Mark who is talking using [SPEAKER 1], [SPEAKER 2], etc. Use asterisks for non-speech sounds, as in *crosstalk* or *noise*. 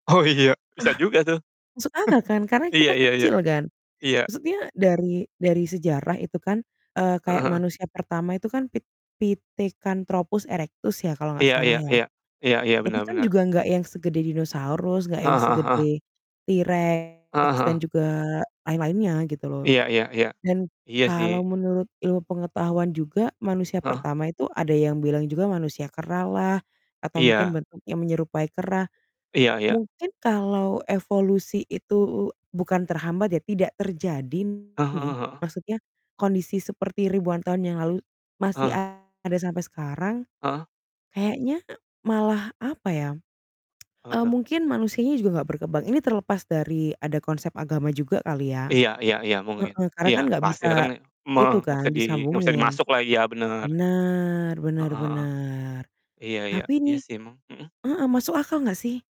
[SPEAKER 1] Oh iya,
[SPEAKER 2] Eh,
[SPEAKER 1] bisa juga tuh. *chuckles*
[SPEAKER 2] masuk akal kan, karena
[SPEAKER 1] Iya
[SPEAKER 2] kita
[SPEAKER 1] iya iya.
[SPEAKER 2] kecil kan?
[SPEAKER 1] Iya.
[SPEAKER 2] Maksudnya dari dari sejarah itu kan, eee,
[SPEAKER 1] Heeh
[SPEAKER 2] kayak
[SPEAKER 1] heeh.
[SPEAKER 2] manusia pertama itu kan Pit Pithecanthropus erectus ya kalau nggak
[SPEAKER 1] Iya
[SPEAKER 2] salah
[SPEAKER 1] iya
[SPEAKER 2] ya.
[SPEAKER 1] iya. Iya iya,
[SPEAKER 2] Itu
[SPEAKER 1] benar
[SPEAKER 2] kan
[SPEAKER 1] benar.
[SPEAKER 2] juga nggak yang segede dinosaurus, nggak yang
[SPEAKER 1] Heeh heeh heeh.
[SPEAKER 2] segede T.
[SPEAKER 1] Heeh
[SPEAKER 2] rex dan
[SPEAKER 1] heeh.
[SPEAKER 2] juga lain-lainnya gitu loh.
[SPEAKER 1] Iya iya iya.
[SPEAKER 2] Dan
[SPEAKER 1] Iya,
[SPEAKER 2] kalau
[SPEAKER 1] sih.
[SPEAKER 2] menurut ilmu pengetahuan juga, manusia
[SPEAKER 1] Heeh?
[SPEAKER 2] pertama itu ada yang bilang juga manusia kera lah atau mungkin
[SPEAKER 1] Iya.
[SPEAKER 2] bentuknya menyerupai kera.
[SPEAKER 1] Iya iya.
[SPEAKER 2] Mungkin kalau evolusi itu u bukan terhambat ya, tidak terjadi
[SPEAKER 1] Ah
[SPEAKER 2] nih,
[SPEAKER 1] hah, heeh.
[SPEAKER 2] maksudnya kondisi seperti ribuan tahun yang lalu masih
[SPEAKER 1] Ah.
[SPEAKER 2] ada sampai sekarang,
[SPEAKER 1] Ah hah.
[SPEAKER 2] kayaknya malah apa ya,
[SPEAKER 1] Apa
[SPEAKER 2] *tsk*
[SPEAKER 1] tuh?
[SPEAKER 2] mungkin manusianya juga nggak berkembang. Ini terlepas dari ada konsep agama juga kali ya.
[SPEAKER 1] Iya iya iya, mungkin.
[SPEAKER 2] Heeh, karena
[SPEAKER 1] Iya,
[SPEAKER 2] kan nggak bisa
[SPEAKER 1] pastilah kan e me
[SPEAKER 2] itu
[SPEAKER 1] nggak bisa
[SPEAKER 2] kan
[SPEAKER 1] di nggak bisa
[SPEAKER 2] disambungin.
[SPEAKER 1] dimasuklah, iya benar.
[SPEAKER 2] Benar,
[SPEAKER 1] Heeh
[SPEAKER 2] benar
[SPEAKER 1] heeh.
[SPEAKER 2] benar.
[SPEAKER 1] Iya iya.
[SPEAKER 2] Tapi
[SPEAKER 1] Iya
[SPEAKER 2] nih
[SPEAKER 1] sih emang. Mhm.
[SPEAKER 2] heeh, masuk akal nggak sih?